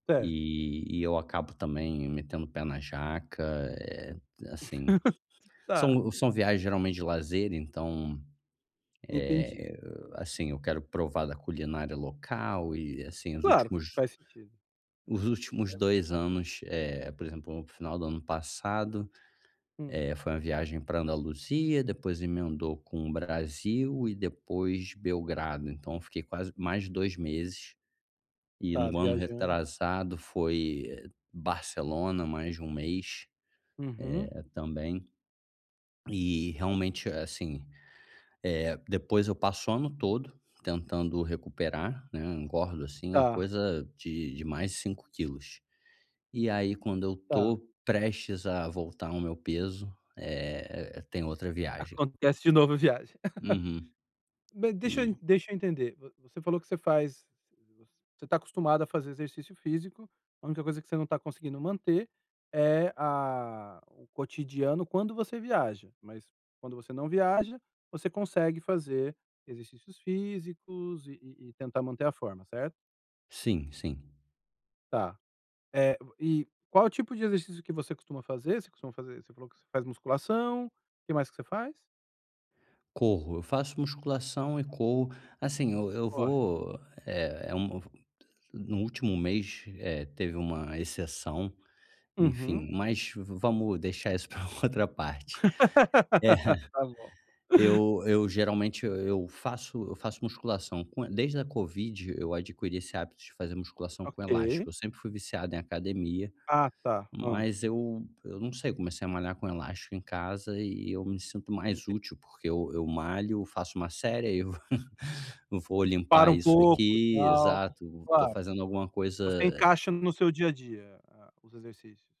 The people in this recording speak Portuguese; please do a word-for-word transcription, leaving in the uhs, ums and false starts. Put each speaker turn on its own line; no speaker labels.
Cer
E e eu acabo também metendo o pé na jaca, eh, t assim.
Tá.
São são viagens geralmente de lazer, então,
Entendi.
eh eh eh, assim, eu quero provar da culinária local, e assim, os
Claro,
últimos
faz sentido.
os últimos dois anos, eh, por exemplo, o final do ano passado,
Hum.
eh, foi uma viagem pra Andaluzia, depois emendou com o Brasil, e depois Belgrado, então eu fiquei quase mais de dois meses. E
Tá
no ano
viajando.
retrasado, foi, eh, Barcelona, mais de um mês,
Uhum.
eh, também. E, realmente, a assim, eh, depois eu passo o ano todo tentando recuperar, né. Engordo assim,
Tá.
coisa de de mais de cinco quilos. E aí quando eu
Tá.
tô prestes a voltar ao meu peso, eh eh, tem outra viagem.
Acontece de novo a viagem.
Uhum.
Ma deixa eu
E
deixa eu entender, vo você falou que você faz você você tá acostumado a fazer exercício físico, a única coisa que você não tá conseguindo manter é a o cotidiano, quando você viaja, mas quando você não viaja, você consegue fazer exercícios físicos, e e e tentar manter a forma, certo?
Sim, sim.
Tá. Eh, o e qual o tipo de exercício que você costuma fazer? Você costuma fazer você falou que você faz musculação. O que mais que você faz?
Corro. Eu faço musculação e corro. Assim, eu eu
Corre.
vou, eh eh, um v no último mês, eh, teve uma exceção,
Uhum.
enfim, mas vamos deixar isso pra outra parte.
Tá bom.
É. Eu eu geralmente, e eu faço eu faço musculação com desde a Covid, eu adquiri esse hábito de fazer musculação com
Ok.
elástico, eu sempre fui viciado em academia,
Ah, tá. Hã.
mas eu eu não sei, comecei a malhar com elástico em casa, e eu me sinto mais
Enten
útil, porque eu eu malho, faço uma série, aí eu vo vou
Para
limpar
um
isso
pouco,
aqui
tal.
exato, tô
Claro.
fazendo alguma coisa,
Você
eh
encaixa no seu dia a dia a os exercícios.